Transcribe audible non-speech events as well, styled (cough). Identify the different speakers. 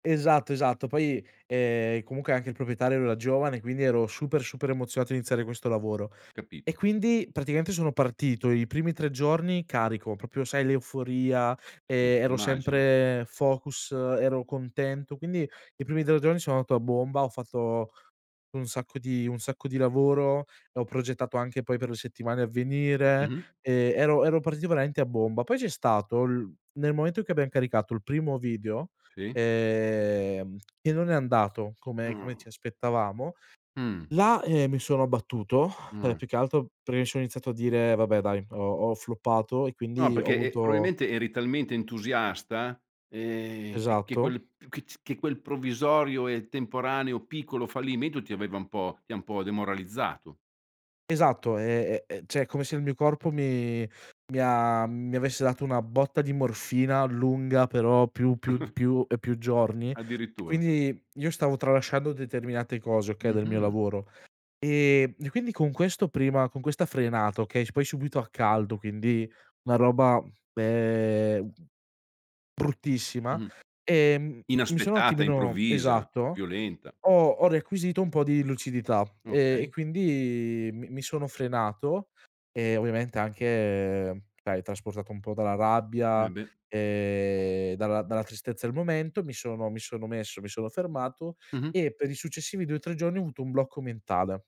Speaker 1: Esatto, esatto. Poi, ehm, comunque anche il proprietario era giovane quindi ero super, super emozionato a iniziare questo lavoro. E
Speaker 2: Capito.
Speaker 1: quindi praticamente sono partito i primi 3 giorni carico, proprio sai l'euforia,
Speaker 2: Sì,
Speaker 1: ehm, ero
Speaker 2: immagino.
Speaker 1: sempre focus, ero contento, quindi i primi 3 giorni sono andato a bomba, ho fatto un sacco di un sacco di lavoro, ho progettato anche poi per le settimane a venire,
Speaker 2: Mh-mh.
Speaker 1: ehm, ero ero (unintelligible) a bomba. Poi c'è stato il nel momento in cui abbiam caricato il primo video,
Speaker 2: Sì.
Speaker 1: ehm, e non è andato come come
Speaker 2: Mh.
Speaker 1: ci aspettavamo,
Speaker 2: Mh.
Speaker 1: là, ehm, mi sono abbattuto, (exhales) ehm,
Speaker 2: Mh.
Speaker 1: più che altro perché mi s ho iniziato a dire: "Vabbè dai ho ho floppato" e
Speaker 2: No
Speaker 1: quindi ho
Speaker 2: perché é
Speaker 1: avuto
Speaker 2: probabilmente eri talmente entusiasta, ehm, che che
Speaker 1: Esatto.
Speaker 2: quel che ci che quel provvisorio e temporaneo piccolo fallimento ti aveva un po' ti ha un po' demoralizzato.
Speaker 1: Esatto, ehm, e cioè, è come se il mio corpo mi mi ha mi avesse dato una botta di morfina lunga però più più
Speaker 2: (chuckles)
Speaker 1: più e più giorni,
Speaker 2: Addirittura.
Speaker 1: quindi io stavo tralasciando determinate cose, okay, del mio
Speaker 2: Mh-mh.
Speaker 1: lavoro. Ehm, e quindi con questo prima con questa frenata, okay, s poi subito a caldo, quindi una roba, ehm, bruttissima
Speaker 2: Mh-mh.
Speaker 1: e m mi sono un
Speaker 2: Inaspettata,
Speaker 1: attimino
Speaker 2: improvvisa,
Speaker 1: Esatto,
Speaker 2: violenta.
Speaker 1: ho ho requisito un po' di lucidità e e
Speaker 2: Okay.
Speaker 1: quindi mi mi sono frenato e ovviamente anche, dai trasportato un po' dalla
Speaker 2: Eh
Speaker 1: rabbia,
Speaker 2: beh.
Speaker 1: ehm, dalla dalla tristezza del momento, mi sono mi sono messo mi sono fermato
Speaker 2: Mh-mh.
Speaker 1: e per i successivi 2-3 giorni ho avuto un blocco mentale.